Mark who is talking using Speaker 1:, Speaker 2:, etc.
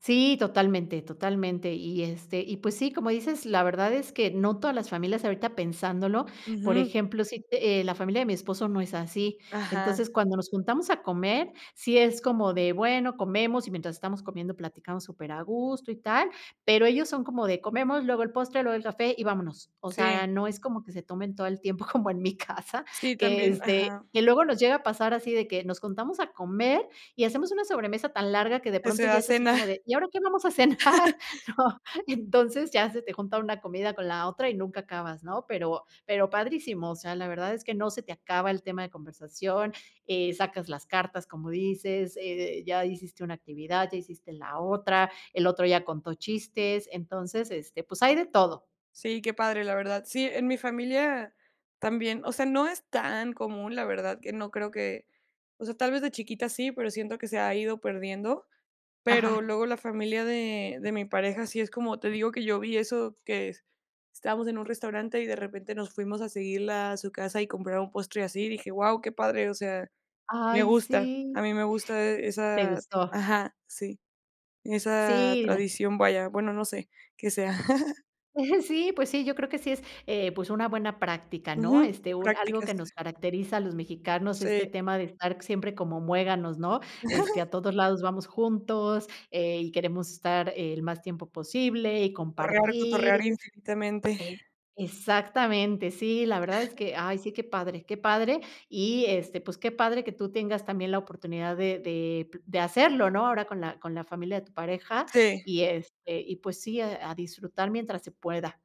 Speaker 1: Sí, totalmente, totalmente. Y, este, y pues sí, como dices, la verdad es que no todas las familias, ahorita pensándolo, por
Speaker 2: Ujú.
Speaker 1: ejemplo, sí te eh, la familia de mi esposo no es así.
Speaker 2: Ajá.
Speaker 1: Entonces, cuando nos juntamos a comer, sí es como de, bueno, comemos, y mientras estamos comiendo, platicamos super a gusto y tal. Pero ellos son como de comemos, luego el postre, luego el café y vámonos. O
Speaker 2: Sí.
Speaker 1: sea, no es como que se tomen todo el tiempo, como en mi casa
Speaker 2: Sí,
Speaker 1: que,
Speaker 2: también.
Speaker 1: este,
Speaker 2: Ajá.
Speaker 1: que luego nos llega a pasar, así de que, nos juntamos a comer y hacemos una sobremesa tan larga, que de
Speaker 2: ¿Qué se
Speaker 1: pronto
Speaker 2: va
Speaker 1: ya
Speaker 2: a
Speaker 1: es así
Speaker 2: cenar?
Speaker 1: como de: "¿Y ahora qué vamos a cenar?". ¿No? Y entonces, ya se te junta una comida con la otra y nunca acabas, ¿no? Pero pero, padrísimo, o sea, la verdad es que no se te acaba el tema de conversación. Eh, sacas las cartas, como dices, eh, ya hiciste una actividad, ya hiciste la otra, el otro ya contó chistes, entonces, este, pues, hay de todo.
Speaker 2: Sí, qué padre, la verdad. Sí, en mi familia también. O sea, no es tan común, la verdad, que no creo que o sea, tal vez de chiquita sí, pero siento que se ha ido perdiendo. Pero
Speaker 1: Ajá.
Speaker 2: luego la familia de de mi pareja sí es como te digo, que yo vi eso, que estábamos en un restaurante y, de repente, nos fuimos a seguirla a su casa y comprar un postre, así. Dije: "Guau, qué padre". O sea, me
Speaker 1: Ay,
Speaker 2: gusta,
Speaker 1: sí.
Speaker 2: a mí me gusta e
Speaker 1: ¿Te
Speaker 2: esa
Speaker 1: gustó?
Speaker 2: ajá, sí, esa
Speaker 1: Sí, la
Speaker 2: tradición. Vaya, bueno, no sé qué sea.
Speaker 1: Sí, pues sí, yo creo que sí es, eh, pues una buena práctica, ¿no?
Speaker 2: Ujú,
Speaker 1: Este, un algo
Speaker 2: prácticas.
Speaker 1: que nos caracteriza a los mexicanos,
Speaker 2: Sí.
Speaker 1: este tema de estar siempre como muéganos, ¿no? Este, a todos lados vamos juntos, eh, y queremos estar el más tiempo posible y
Speaker 2: Torrear cotorrear
Speaker 1: compartir
Speaker 2: infinitamente.
Speaker 1: E exactamente. Sí, la verdad es que ay sí, qué padre, qué padre y, este, pues, qué padre que tú tengas también la oportunidad de de de hacerlo, ¿no? Ahora, con la con la familia de tu pareja,
Speaker 2: Sí.
Speaker 1: y este, y pues sí, a a disfrutar mientras se pueda.